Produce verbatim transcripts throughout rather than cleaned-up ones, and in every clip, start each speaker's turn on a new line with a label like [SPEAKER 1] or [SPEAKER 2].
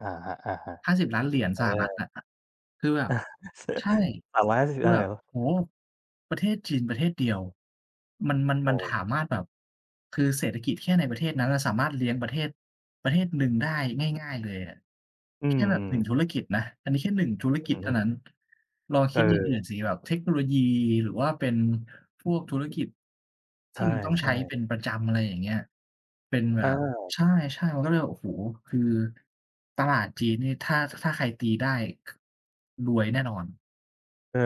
[SPEAKER 1] อะฮะ
[SPEAKER 2] ห้าสิบล้าน เหรียญ
[SPEAKER 1] ๆ เอ
[SPEAKER 2] สหรัฐ
[SPEAKER 1] อ
[SPEAKER 2] อะ คือแบบ ใช่
[SPEAKER 1] สามร้อยหาส
[SPEAKER 2] ค
[SPEAKER 1] ิ
[SPEAKER 2] ื
[SPEAKER 1] บ
[SPEAKER 2] อ
[SPEAKER 1] อะไ
[SPEAKER 2] แบ
[SPEAKER 1] ร
[SPEAKER 2] บ
[SPEAKER 1] หรอ?
[SPEAKER 2] โอ้! ประเทศจีนประเทศเดียว มัน มัน
[SPEAKER 1] เ
[SPEAKER 2] มันถา
[SPEAKER 1] ออ
[SPEAKER 2] มารถ แบบ คือเศรษฐกิจแค่ในประเทศนั้นสามารถเลี้ยงประเทศประเทศหนึ่งได้ง่าย ๆ เลยอะ
[SPEAKER 1] อื
[SPEAKER 2] แค่แบบ หนึ่ง
[SPEAKER 1] ม
[SPEAKER 2] ธุรกิจนะ อันนี้แค่ หนึ่ง ธุร
[SPEAKER 1] อ
[SPEAKER 2] กิจ
[SPEAKER 1] ือ
[SPEAKER 2] เท
[SPEAKER 1] ฮ
[SPEAKER 2] ่า
[SPEAKER 1] ึ
[SPEAKER 2] นั้น ลองคิดอย่างอื
[SPEAKER 1] เ
[SPEAKER 2] ่
[SPEAKER 1] ออ
[SPEAKER 2] นสิ แบบเทคโนโลยี หรือว่าเป็นพวกธุรกิจท
[SPEAKER 1] ใช
[SPEAKER 2] ี่มันต้องใช
[SPEAKER 1] ่
[SPEAKER 2] ้เ
[SPEAKER 1] ๆ
[SPEAKER 2] ป็นประจำ อะไรอย่างเงี้ย เป็นแบ
[SPEAKER 1] อ้า
[SPEAKER 2] บ
[SPEAKER 1] ว
[SPEAKER 2] ใช่ ๆ มันก็เลยแบบ โอ้โฮ คือตลาดจีนนี่ถ้า ถ้าใครตีได้ ค รวยแน่นอน
[SPEAKER 1] เออ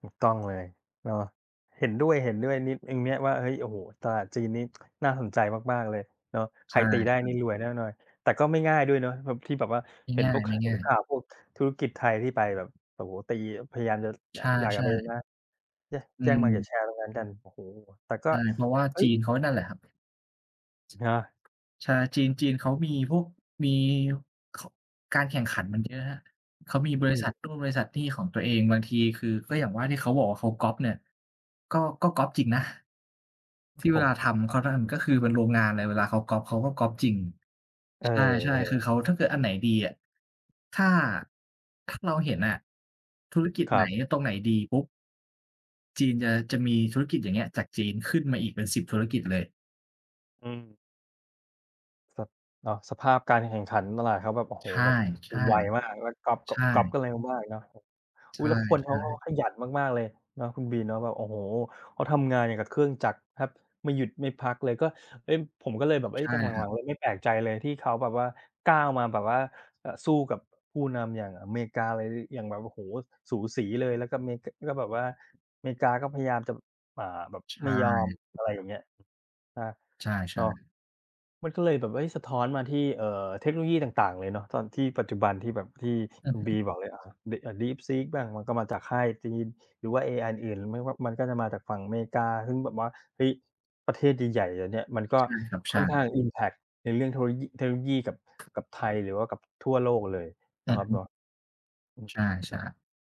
[SPEAKER 1] ถูกต้องเลยเนาะ เห็นด้วย ๆ นิ อ เนี่ยว่า เฮ้ย โอ้โฮ ตลาดจีนนี้ น่าสนใจมาก ๆ เลยเนาะ ใค
[SPEAKER 2] ใช
[SPEAKER 1] ร
[SPEAKER 2] ่
[SPEAKER 1] ตีได้นี่
[SPEAKER 2] ๆ
[SPEAKER 1] รวยแน่นอน แต่ก็ไม่ง่ายด้วยเนาะ แบบ ที่แบบว่า
[SPEAKER 2] ไม่
[SPEAKER 1] เห็
[SPEAKER 2] ง
[SPEAKER 1] นพวก ค เห็
[SPEAKER 2] ่
[SPEAKER 1] น
[SPEAKER 2] าย
[SPEAKER 1] ข
[SPEAKER 2] ๆ
[SPEAKER 1] ่าวพวกธุรกิจไทยที่ไปแบบ โอ้โฮ ตี พยายามจะ น
[SPEAKER 2] ใช
[SPEAKER 1] ด่ากัน
[SPEAKER 2] ่
[SPEAKER 1] ไป ย
[SPEAKER 2] ๆ
[SPEAKER 1] นะ แย
[SPEAKER 2] อ
[SPEAKER 1] แย้ง Market
[SPEAKER 2] ืม
[SPEAKER 1] share ตรงนั้นกัน โอ้โฮ แต่ก็
[SPEAKER 2] ใช่ เพราะว่า
[SPEAKER 1] เฮ้
[SPEAKER 2] จี
[SPEAKER 1] ย
[SPEAKER 2] นเขานั่นแหละครับ
[SPEAKER 1] ใช่เปล่า
[SPEAKER 2] ใช่จีน จีนเขามีพวก มี ค การแข่งขันมันเยอะครับ เขามีบ
[SPEAKER 1] อื
[SPEAKER 2] ริษัท
[SPEAKER 1] ม
[SPEAKER 2] นู่นบริษัทนี่ของตัวเอง บางทีคือ ก็อย่างว่าที่เขาบอกว่าเขาก๊อบเนี่ย ก็ ก็ก๊อบ จริงนะ
[SPEAKER 1] คร
[SPEAKER 2] ท
[SPEAKER 1] ับ
[SPEAKER 2] ี่เ
[SPEAKER 1] ผ
[SPEAKER 2] ว
[SPEAKER 1] ม
[SPEAKER 2] ลาทำ เขาทำ ก็คือเป็นโรงงานเลย เวลาเขาก๊อบเขาก็ก๊อบจริง
[SPEAKER 1] เ
[SPEAKER 2] ใช่ ๆ คือ
[SPEAKER 1] ออ
[SPEAKER 2] เขา ถ้าเกิดอันไหนดีอะ ถ้า ถ้าเราเห็นอะ ธุรกิจ
[SPEAKER 1] ค
[SPEAKER 2] ไ
[SPEAKER 1] ร
[SPEAKER 2] หน
[SPEAKER 1] ับ
[SPEAKER 2] อะ ตรงไหนดีปุ๊บ จีนจะ จะมีธุรกิจ อย่างเงี้ย จากจีนขึ้นมาอีกเป็น สิบ ธุรกิจเลย
[SPEAKER 1] อืม ส เนาะ สภาพการแข่งขันตลาดเขาแบบ โอ้โฮ
[SPEAKER 2] ใช่
[SPEAKER 1] แบบไวมากแล้วก๊อบ
[SPEAKER 2] ๆ
[SPEAKER 1] ก
[SPEAKER 2] ใ
[SPEAKER 1] ๊
[SPEAKER 2] ช
[SPEAKER 1] อบ ก๊อบก
[SPEAKER 2] ่
[SPEAKER 1] ันเร็วมากเนาะ
[SPEAKER 2] ใ
[SPEAKER 1] อ
[SPEAKER 2] ช
[SPEAKER 1] ุ๊ย
[SPEAKER 2] ่
[SPEAKER 1] แล้วคนเขาก็
[SPEAKER 2] ๆ
[SPEAKER 1] ขยันมาก ๆ เลยเนาะคุณบีเนาะแบบ โอ้โฮ! เขาทำงานอย่างกับเครื่องจักรแทบไม่หยุด ไม่พักเลย ก็ เฮ้ย ผมก็เลยแบบ เฮ
[SPEAKER 2] ใ
[SPEAKER 1] ้
[SPEAKER 2] ช
[SPEAKER 1] ย
[SPEAKER 2] ่
[SPEAKER 1] ตอน
[SPEAKER 2] ครั
[SPEAKER 1] หลั
[SPEAKER 2] บ
[SPEAKER 1] ง ๆ เลยไม่แปลกใจเลยที่เขาแบบว่า ก้าวมาแบบว่า อ สู้กับผู้นำอย่างอะเมกา ไร ด อย่างแบบ โอ้โฮ สูสีเลย แล้วก็เม ก ก็แบบว่า เมกาก็พยายามจะ อ่า แบบ
[SPEAKER 2] ใช
[SPEAKER 1] ไม่ยอม อ
[SPEAKER 2] ่
[SPEAKER 1] ะไรอย่างเงี้ย ครับ
[SPEAKER 2] ใช
[SPEAKER 1] เน
[SPEAKER 2] ่
[SPEAKER 1] าะ
[SPEAKER 2] ๆ
[SPEAKER 1] มันก็เลยแบบ เฮ้ย สะท้อนมาที่ เอ่อ เทคโนโลยีต่าง ๆ เลยเนาะ ตอนที่ปัจจุบันที่แบบที่
[SPEAKER 2] อื
[SPEAKER 1] ค
[SPEAKER 2] อ
[SPEAKER 1] ุณ
[SPEAKER 2] ฮ
[SPEAKER 1] บ
[SPEAKER 2] ึ
[SPEAKER 1] ีบอกเลย อ่า ด DeepSeek บ้าง มันก็มาจากค่ายจีน หรือว่า เอไออื่น ๆ ไม่ว่า มันก็จะมาจากฝั่งอะเมกา ซึ่งแบบว่า เฮ้ย ประเทศใหญ่ ๆ อย่างเนี่ย มันก็
[SPEAKER 2] ใช่ครับ ใ
[SPEAKER 1] ค
[SPEAKER 2] ช
[SPEAKER 1] ่
[SPEAKER 2] ่
[SPEAKER 1] อนข้าง อิมแพกต์ ในเรื่องเทคโลยี เทคโนโลยีกับ กับไทย หรือว่ากับทั่วโลกเลยเ
[SPEAKER 2] อ
[SPEAKER 1] นา
[SPEAKER 2] ื
[SPEAKER 1] ะ
[SPEAKER 2] อ
[SPEAKER 1] ครั
[SPEAKER 2] ฮ
[SPEAKER 1] บเนา
[SPEAKER 2] ึ
[SPEAKER 1] ะ อืม
[SPEAKER 2] ใช่ ๆ